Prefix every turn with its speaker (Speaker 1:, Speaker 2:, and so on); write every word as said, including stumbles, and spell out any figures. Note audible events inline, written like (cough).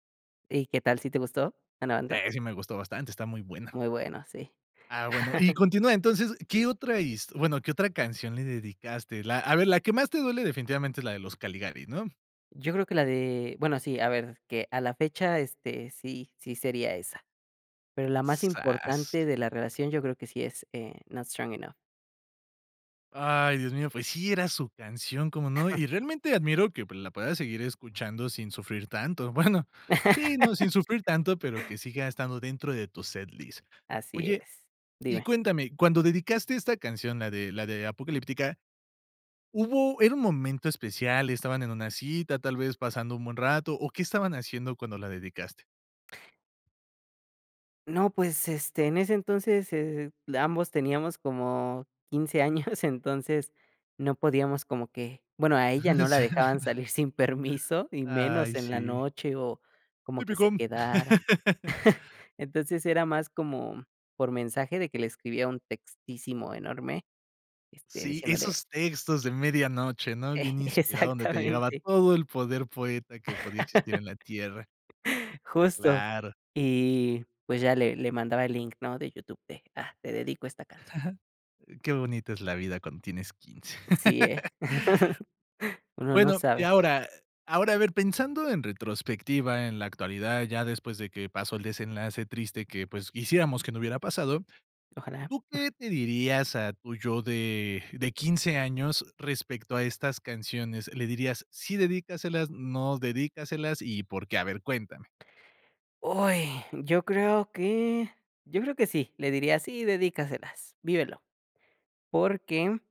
Speaker 1: ¿Y qué tal si te gustó, Anabantha?
Speaker 2: Eh. Sí me gustó bastante, está muy buena.
Speaker 1: Muy bueno, sí.
Speaker 2: Ah, bueno. Y
Speaker 1: (chuckles)
Speaker 2: continúa, entonces, ¿qué otra his bueno, qué otra canción le dedicaste? La a ver, la que más te duele definitivamente es la de Los Caligaris, ¿no?
Speaker 1: Yo creo que la de bueno sí, a ver, que a la fecha, este, sí sí sería esa. Pero la más
Speaker 2: ¡Zas!
Speaker 1: importante de la relación yo creo que sí es, eh, "Not strong enough".
Speaker 2: Ay, Dios mío, pues, sí, era su canción, ¿cómo no?
Speaker 1: (giggles)
Speaker 2: Y realmente admiro que, pues, la puedas seguir escuchando sin sufrir tanto. Bueno, sí, no,
Speaker 1: (laughs)
Speaker 2: sin sufrir tanto, pero que siga estando dentro de tu set list.
Speaker 1: Así
Speaker 2: Oye,
Speaker 1: es.
Speaker 2: y
Speaker 1: Dime.
Speaker 2: cuéntame, cuando dedicaste esta canción, la de la de "Apocalíptica", ¿hubo era un momento especial, estaban en una cita, tal vez pasando un buen rato, o qué estaban haciendo cuando la dedicaste?
Speaker 1: No, pues, este, en ese entonces, eh, l ambos teníamos como quince años, (giggles) entonces no podíamos como que bueno a ella no la dejaban
Speaker 2: (laughs)
Speaker 1: salir sin permiso y menos
Speaker 2: Ay,
Speaker 1: en la
Speaker 2: sí.
Speaker 1: noche o como que se
Speaker 2: Tipico.
Speaker 1: quedara.
Speaker 2: (laughs)
Speaker 1: (chuckles) Entonces era más como por mensaje de que le escribía un textísimo enorme, este,
Speaker 2: Sí,
Speaker 1: diciéndole
Speaker 2: esos textos de medianoche, ¿no? Bien inspirado donde te llegaba
Speaker 1: Exactamente.
Speaker 2: todo el poder poeta
Speaker 1: (laughs)
Speaker 2: que podía existir en la tierra.
Speaker 1: (chuckles) Justo.
Speaker 2: Claro.
Speaker 1: Y pues ya le le mandaba el link, ¿no? De YouTube de, ah, te dedico a esta canción.
Speaker 2: (giggles) Qué bonita es la vida cuando tienes quince.
Speaker 1: Sí, eh. (chuckles)
Speaker 2: (laughs)
Speaker 1: Uno no
Speaker 2: Bueno, y
Speaker 1: sabe.
Speaker 2: ahora ahora, a ver, pensando en retrospectiva, en la actualidad, ya después de que pasó el desenlace triste que, pues, quisiéramos que no hubiera pasado,
Speaker 1: Ojalá.
Speaker 2: ¿tú qué te dirías a tu yo de de quince años respecto a estas canciones? ¿Le dirías: "Sí, dedícaselas" o "No, no dedícaselas" y por qué? A ver, cuéntame.
Speaker 1: ¡Uy! Yo creo que yo creo que sí, le diría: "Sí, dedícaselas, vívelo", porque